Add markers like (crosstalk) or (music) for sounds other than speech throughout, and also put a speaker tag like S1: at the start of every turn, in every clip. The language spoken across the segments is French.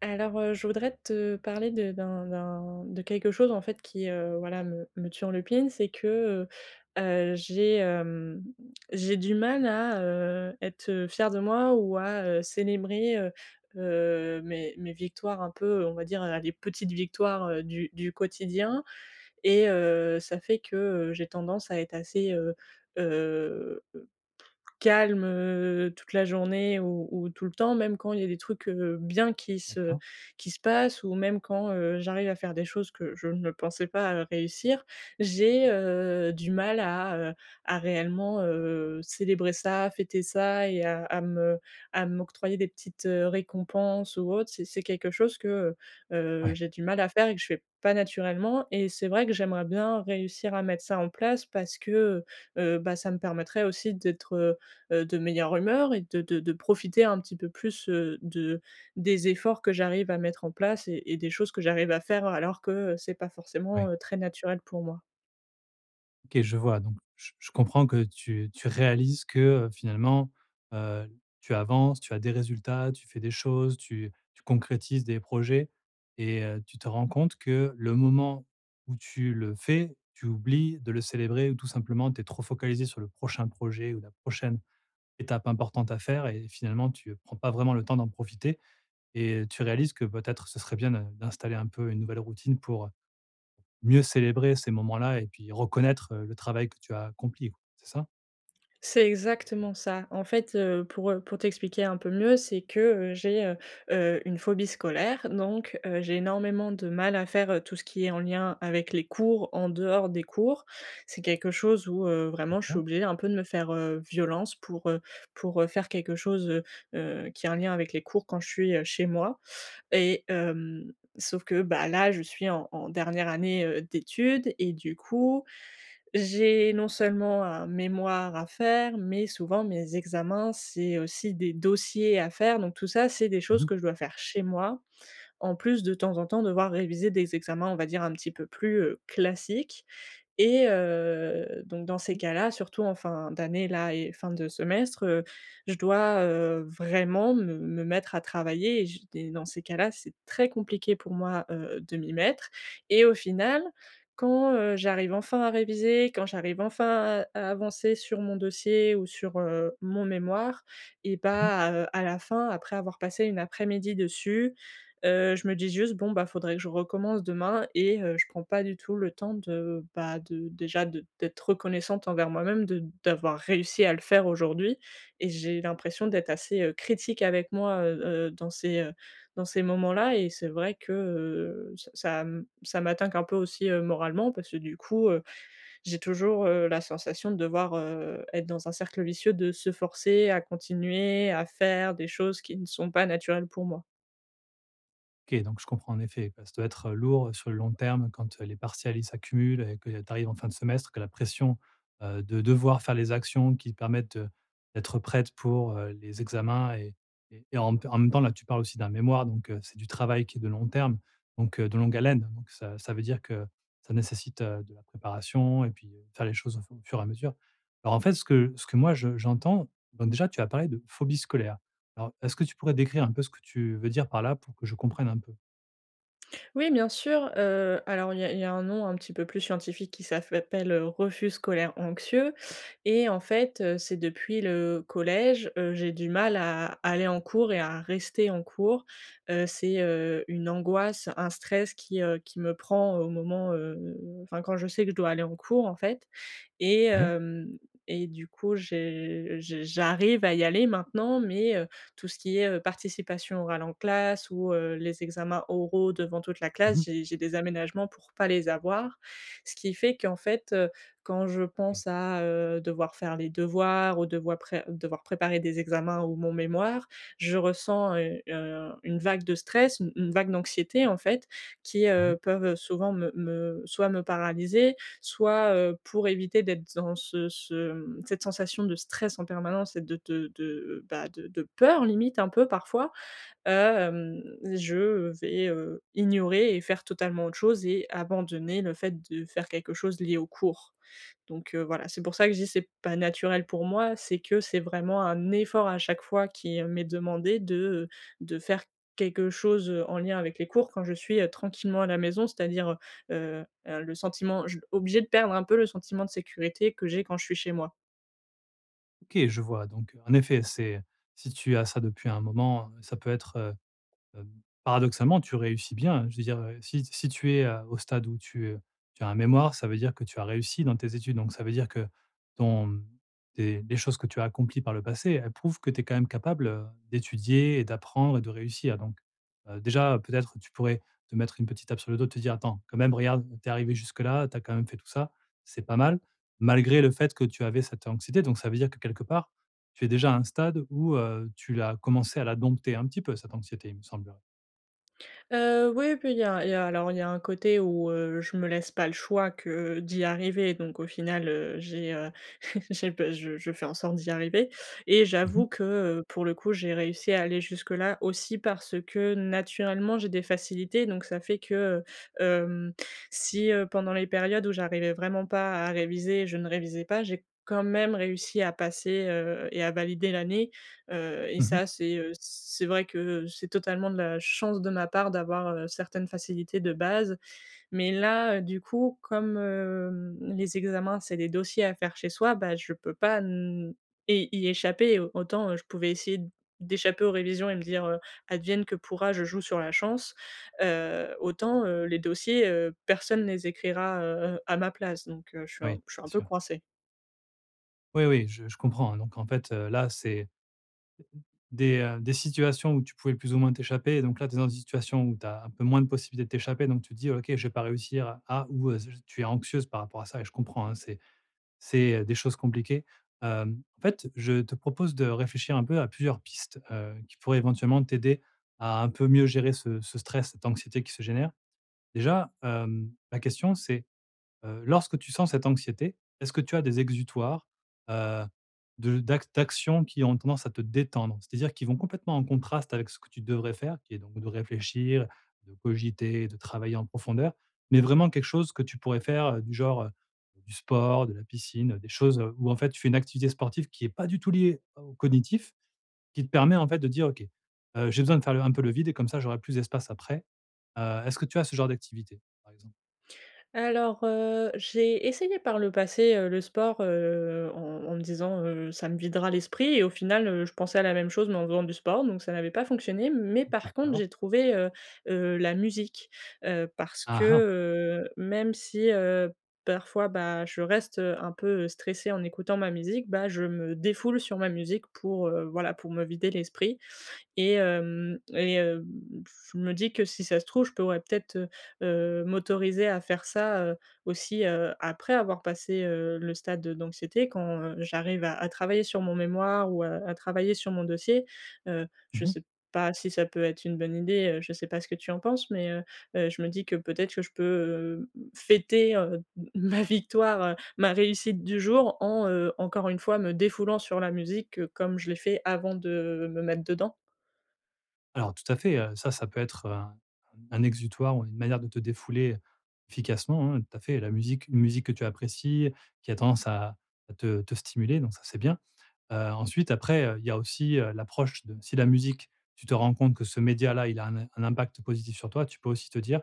S1: Alors, heu, je voudrais te parler de d'un d'un de quelque chose en fait qui, heu, voilà me me turlupine. C'est que, heu heu, j'ai, hem, j'ai du mal à, heu, être, heu, fière de moi ou à, heu, célébrer, heu heu, mes mes victoires un peu, on va dire, voilà, les petites victoires, heu, du du quotidien et heu, ça fait que, heu, j'ai tendance à être assez, heu heu, calme, heu, toute la journée ou ou tout le temps, même quand il y a des trucs, heu, bien qui se
S2: D'accord.
S1: qui se passent ou même quand, heu, j'arrive à faire des choses que je ne pensais pas réussir. J'ai, heu, du mal à, heu, à réellement, heu, célébrer ça, fêter ça et à à me à m'octroyer des petites, heu, récompenses ou autres, c'est c'est quelque chose que, heu heu,
S2: Ouais.
S1: j'ai du mal à faire et que je fais pas naturellement et c'est vrai que j'aimerais bien réussir à mettre ça en place parce que, heu heu, bah, ça me permettrait aussi d'être, heu heu, de meilleure humeur et de de de profiter un petit peu plus, heu, de des efforts que j'arrive à mettre en place et et des choses que j'arrive à faire alors que, heu, c'est pas
S2: Ouais.
S1: forcément, heu, très naturel pour moi.
S2: OK. Je vois. Donc, je je comprends que tu tu réalises que, heu, finalement, heu, tu avances, tu as des résultats. Tu fais des choses, tu tu concrétises des projets et heu, tu te rends compte que le moment où tu le fais, tu oublies de le célébrer. Ou tout simplement tu es trop focalisée sur le prochain projet ou la prochaine étape importante à faire. Et finalement tu, heu, prends pas vraiment le temps d'en profiter et heu, tu réalises que peut-être ce serait bien d'in d'installer un peu une nouvelle routine. Pour, heu, mieux célébrer ces moments-là et puis reconnaître, heu, le travail que tu as accompli, c'est ça?
S1: C'est exactement ça. En fait, heu, pour, heu, pour t'expliquer un peu mieux, c'est que, heu, j'ai, heu heu, une phobie scolaire. Donc, heu, j'ai énormément de mal à faire, heu, tout ce qui est en lien avec les cours, en dehors des cours. C'est quelque chose où, heu, vraiment je suis
S2: D'accord.
S1: obligée un peu de me faire, heu violence pour, heu pour, heu, faire quelque chose, heu heu, qui a un lien avec les cours, quand je suis, heu, chez moi. Et hem, sauf que bah là, je suis en en dernière année, heu, d'études et du coup j'ai non seulement un mémoire à faire, mais souvent mes examens, c'est aussi des dossiers à faire. Donc tout ça c'est des
S2: Mmh
S1: choses
S2: mh.
S1: que je dois faire chez moi, en plus de temps en temps devoir réviser des examens on va dire un petit peu plus, heu, classiques. Et heu, donc, dans ces
S2: Oui.
S1: cas-là, surtout en fin d'année là et fin de semestre, heu, je dois, heu, vraiment me me mettre à travailler. Et j et dans ces cas-là, c'est très compliqué pour moi, heu, de m'y mettre et au final quand, heu, j'arrive enfin à réviser. Quand j'arrive enfin à à avancer sur mon dossier ou sur, heu, mon mémoire et
S2: Mmh mh.
S1: bah, heu, à la fin après avoir passé une après-midi dessus, heu, je me dis juste: «Bon bah faudrait que je recommence demain» et heu, je prends pas du tout le temps de, bah, de déjà de d'être reconnaissante envers moi-même, de d'avoir réussi à le faire aujourd'hui et j'ai l'impression d'être assez, heu, critique avec moi, heu heu, dans ces, heu, dans ces moments-là. Et c'est vrai que, heu, ça ça m ça m'attaque un peu aussi, heu, moralement parce que du coup, heu, j'ai toujours, heu, la sensation de devoir, heu, être dans un cercle vicieux, de se forcer à continuer à faire des choses qui ne sont pas naturelles pour moi.
S2: OK donc je comprends, en effet, bah ça doit être, heu, lourd, heu, sur le long terme quand, heu, les partiels ils s'accumulent et qu'il y a tu arrives en fin de semestre, que la pression, heu, de devoir faire les actions qui te permettent, heu, d'être prête pour, heu, les examens et et et en en même temps, là, tu parles aussi d'un mémoire donc, heu, c'est du travail qui est de long terme, donc heu, de longue haleine, donc ça ça veut dire que ça nécessite, heu, de la préparation et puis, heu, faire les choses au fu fur et à mesure. Bah, en fait ce que ce que moi je j'entends, donc déjà tu as parlé de phobie scolaire. Alors est-ce que tu pourrais décrire un peu ce que tu veux dire par là pour que je comprenne un peu?
S1: Oui, bien sûr. Heu, alors il y a il y a un nom un petit peu plus scientifique qui s'appelle heu, refus scolaire anxieux et en fait, heu, c'est depuis le collège, heu, j'ai du mal à aller en cours et à rester en cours. Heu, c'est, heu, une angoisse, un stress qui, heu, qui me prend au moment, heu, enfin quand je sais que je dois aller en cours en fait et
S2: Oui.
S1: hem, et du coup j'ai j j'arrive à y aller maintenant mais, heu, tout ce qui est, heu, participation orale en classe ou heu, les examens oraux devant toute la
S2: Mmh
S1: classe,
S2: mh.
S1: j'ai j'ai des aménagements pour pas les avoir. Ce qui fait qu'en fait, heu, quand je
S2: OK.
S1: pense à, heu, devoir faire les devoirs ou devoir pré devoir préparer des examens ou mon mémoire, je ressens, heu heu, une vague de stress, u une vague d'anxiété en fait qui,
S2: Oui.
S1: heu, peuvent, heu, souvent me me soit me paralyser soit, heu, pour éviter d'être dans ce ce, mmh, cette sensation de stress en permanence et de de de bah, de de peur limite un peu parfois, hem, je vais, heu, ignorer et faire totalement autre chose et abandonner le fait de faire quelque chose lié au cours. Donc, heu, voilà, c'est pour ça que je dis c'est pas naturel pour moi, c'est que c'est vraiment un effort à chaque fois qui m'est demandé de, heu, de faire quelque chose, heu, en lien avec les cours quand je suis, heu, tranquillement à la maison, c'est-à-dire, heu heu heu, le sentiment, j obligée de perdre un peu le sentiment de sécurité que j'ai quand je suis chez moi.
S2: OK, je vois. Donc, heu, en effet, c'est si tu as ça depuis un moment, heu, ça peut être, heu heu paradoxalement, tu réussis bien. Je veux dire, heu, si si tu es, heu, au stade où tu, heu, tu as un mémoire, ça veut dire que tu as réussi dans tes études. Donc ça veut dire que ton des des choses que tu as accomplies par le passé, elles prouvent que tu es quand même capable, heu, d'étudier et d'apprendre et de réussir. Donc, heu heu, déjà, peut-être tu pourrais te mettre une petite tape sur le dos et te dire: «Attends, quand même, regarde, tu es arrivée jusque-là, tu as quand même fait tout ça, c'est pas mal», malgré le fait que tu avais cette anxiété. Donc ça veut dire que, quelque part, tu es déjà à un stade où, heu, tu l'as commencée à la dompter un petit peu, cette anxiété, il me semble.
S1: Heu, ouais et puis, il y a il y a alors il y a un côté où, heu, je me laisse pas le choix que d'y arriver. Donc, au final, heu, j'ai, heu, (chuckles) j'ai pe je je fais en sorte d'y arriver et
S2: Mmh mh.
S1: j'avoue que, heu, pour le coup, j'ai réussi à aller jusque-là aussi parce que naturellement j'ai des facilités. Donc ça fait que, heu, hem, si, heu, pendant les périodes où j'arrivais vraiment pas à réviser et je ne révisais pas, j'ai quand même réussi à passer, heu et à valider l'année, heu, et
S2: Mmh mh.
S1: ça c'est, heu, c'est vrai que c'est totalement de la chance de ma part d'avoir, heu, certaines facilités de base. Mais là, heu, du coup, comme, hem, les examens, c'est des dossiers à faire chez soi, bah, je peux pas mmh, y y échapper et au autant, heu, je pouvais essayer d'échapper aux révisions et me dire, heu: «Advienne que pourra, je joue sur la chance», heu, autant, heu, les dossiers, heu, personne les écrira, heu heu, à ma place donc, heu, je suis
S2: Oui,
S1: un je suis un
S2: bien
S1: peu
S2: sûr.
S1: coincée.
S2: Oui, oui, je je comprends donc en fait, heu, là c'est des, heu, des situations où tu pouvais plus ou moins t'échapper, et donc là tu es dans une situation où tu as un peu moins de possibilité de t'échapper, donc tu dis: «OK, je vais pas réussir à à» ou heu, z j tu es anxieuse par rapport à ça et je comprends hein, c'est c'est, heu, des choses compliquées. Hem, en fait, je te propose de réfléchir un peu à plusieurs pistes, heu, qui pourraient éventuellement t'aider à un peu mieux gérer ce ce stress, cette anxiété qui se génère. Déjà, hem, la question, c'est, heu, lorsque tu sens cette anxiété, est-ce que tu as des exutoires, heu, de d'ac d'actions qui ont tendance à te détendre? C'est-à-dire qui vont complètement en contraste avec ce que tu devrais faire, qui est donc de réfléchir, de cogiter, de travailler en profondeur, mais vraiment quelque chose que tu pourrais faire, heu, du genre, heu, du sport, de la piscine, des choses où en fait tu fais une activité sportive qui est pas du tout liée au cognitif, qui te permet en fait de dire: «OK, heu, j'ai besoin de faire le un peu le vide et comme ça j'aurais plus d'espace après». Heu, est-ce que tu as ce genre d'activité par exemple?
S1: Alors, heu, j'ai essayé par le passé, heu, le sport, heu, en en me disant, heu, ça me videra l'esprit et au final, heu, je pensais à la même chose mais en faisant du sport, donc ça n'avait pas fonctionné. Mais
S2: Mmh
S1: par contre
S2: d'accord.
S1: j'ai trouvé, heu heu, la musique, heu, parce que,
S2: Ah, hein!
S1: heu, même si, heu, parfois, bah, je reste un peu stressée en écoutant ma musique, bah, je me défoule sur ma musique pour, heu, voilà pour me vider l'esprit, et hem, et heu, b j je me dis que si ça se trouve, je pourrais peut-être, heu heu, m'autoriser à faire ça, heu, aussi, heu, après avoir passé, heu, le stade d'anxiété quand, heu, j'arrive à à travailler sur mon mémoire ou heu, à travailler sur mon dossier. Heu, je
S2: Mmh mh.
S1: sais pas si ça peut être une bonne idée, heu, je sais pas ce que tu en penses, mais, heu heu, je me dis que peut-être que je peux, hem, fêter, heu, m ma victoire, ma réussite du jour en, heu, encore une fois me défoulant sur la musique comme je l'ai fait avant de me mettre dedans.
S2: Alors tout à fait, heu, ça ça peut être, heu, un un exutoire ou une manière de te défouler, heu, efficacement hein, tout à fait. La musique une musique que tu apprécies, qui a tendance à à te te stimuler donc ça c'est bien. Heu, ensuite après, heu, il y a aussi, heu, l'approche de, si la musique, tu te rends compte que ce média là il a un im un impact positif sur toi. Tu peux aussi te dire: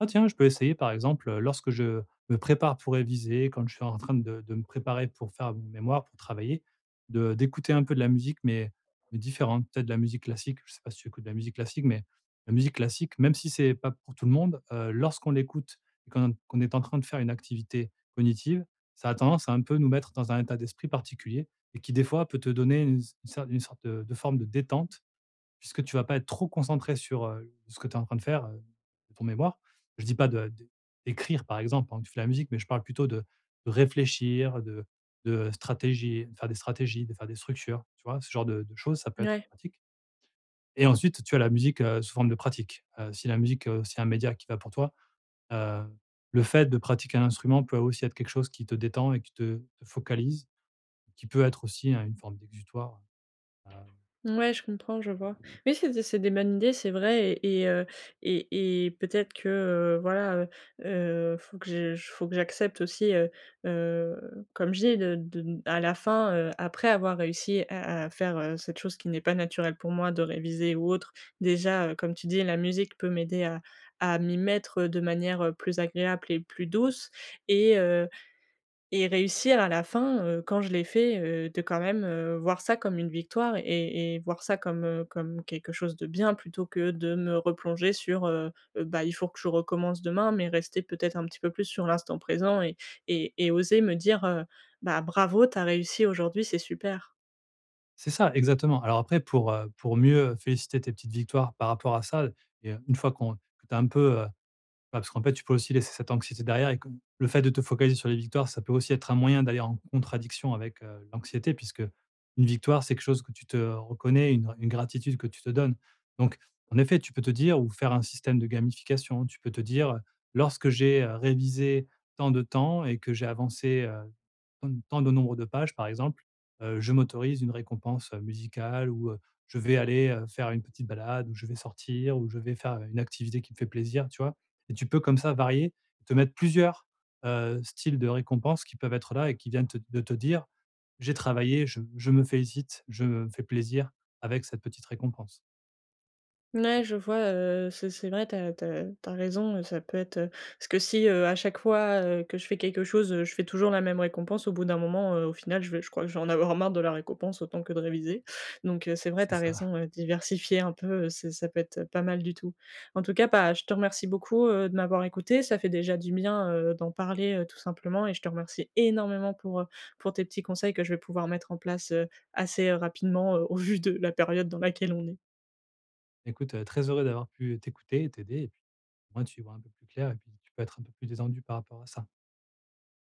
S2: «Ah tiens, je peux essayer par exemple, heu, lorsque je me prépare pour réviser quand je suis en train de de me préparer pour faire mon mémoire, pour travailler, de d'écouter un peu de la musique mais mais différente» peut-être de la musique classique, je sais pas si tu écoutes de la musique classique? Mais la musique classique, même si c'est pas pour tout le monde, heu, lorsqu'on l'écoute et qu'on en qu'on est en train de faire une activité cognitive, ça a tendance à un peu nous mettre dans un état d'esprit particulier, et qui des fois peut te donner une une ce une sorte de de forme de détente. Puisque tu vas pas être trop concentrée sur, heu, ce que tu es en train de faire, heu, ton mémoire. Je dis pas de, d d'écrire par exemple pendant que tu fais de la musique, mais je parle plutôt de de réfléchir, de de stratégie de faire des stratégies, de faire des structures, tu vois? Ce genre de de choses, ça peut être
S1: Mouais.
S2: pratique. Et ensuite tu as la musique, heu, sous forme de pratique. Heu, si la musique, heu, c'est un média qui va pour toi, heu, le fait de pratiquer un instrument. Peut aussi être quelque chose qui te détend et qui te te focalise, et qui peut être aussi, heu, une forme d'exutoire, heu, hem
S1: Mouais je comprends, je vois. Oui c'est des c'est des bonnes idées, c'est vrai, et heu, et et peut-être que, heu, voilà, heu heu, faut que je faut que j'accepte aussi, heu heu, comme je dis de de, à la fin, heu, après avoir réussi à à faire, heu, cette chose qui n'est pas naturelle pour moi, de réviser ou autre. Déjà, heu, comme tu dis la musique peut m'aider à à m'y mettre, heu, de manière, heu, plus agréable et plus douce, et heu, et réussir à la fin, heu, quand je l'ai fait, heu, de quand même, heu, voir ça comme une victoire, et et voir ça comme, heu, comme quelque chose de bien. Plutôt que de me replonger sur, heu, bah il faut que je recommence demain, mais rester peut-être un petit peu plus sur l'instant présent et et et oser me dire, heu: «Bah bravo, tu as réussi aujourd'hui, c'est super!»
S2: C'est ça exactement. Alors après pour, heu, pour mieux féliciter tes petites victoires, par rapport à ça et heu, une fois qu'on que tu as un peu, heu bah parce qu'en fait tu peux aussi laisser cette anxiété derrière et comme le fait de te focaliser sur les victoires. Ça peut aussi être un moyen d'aller en contradiction avec, heu, l'anxiété. Puisque, heu, une victoire, c'est quelque chose que tu te reconnais, une une gratitude que tu te donnes. Donc en effet, tu peux te dire ou faire un système de gamification. Tu peux te dire, heu, lorsque j'ai, heu, révisé tant de temps et que j'ai avancé, heu, comme tant de nombre de pages par exemple. Heu, je m'autorise une récompense, heu, musicale ou, heu, je vais aller, heu, faire une petite balade ou je vais sortir. Ou je vais faire une activité qui me fait plaisir. Tu vois? Et tu peux, comme ça varier, et te mettre plusieurs, heu, styles de récompense qui peuvent être là et qui viennent te de te dire, j'ai travaillé, je je me félicite. Je me fais plaisir avec cette petite récompense.
S1: N ouais, je vois, heu, c'est c'est vrai, tu as tu as tu as raison. Heu, ça peut être, heu parce que si, heu, à chaque fois, heu, que je fais quelque chose. Heu, je fais toujours la même récompense. Au bout d'un moment, heu, au final, je vais je crois que je vais en avoir marre de la récompense. Autant que de réviser. Donc, heu, c'est vrai, tu as
S2: C'est ça.
S1: raison, heu, diversifier un peu, heu, c'est, ça peut être pas mal du tout. En tout cas bah, je te remercie beaucoup, heu, de m'avoir écoutée. Ça fait déjà du bien, heu, d'en parler, heu, tout simplement et je te remercie énormément pour, heu, pour tes petits conseils que je vais pouvoir mettre en place, heu, assez heu, rapidement, heu, au (chuckles) vu de la période dans laquelle on est.
S2: Écoute, heu, très heureux d'avoir pu, heu, t'écouter et t'aider et puis au moins, tu vois un peu plus clair et puis tu peux être un peu plus détendu par rapport à ça.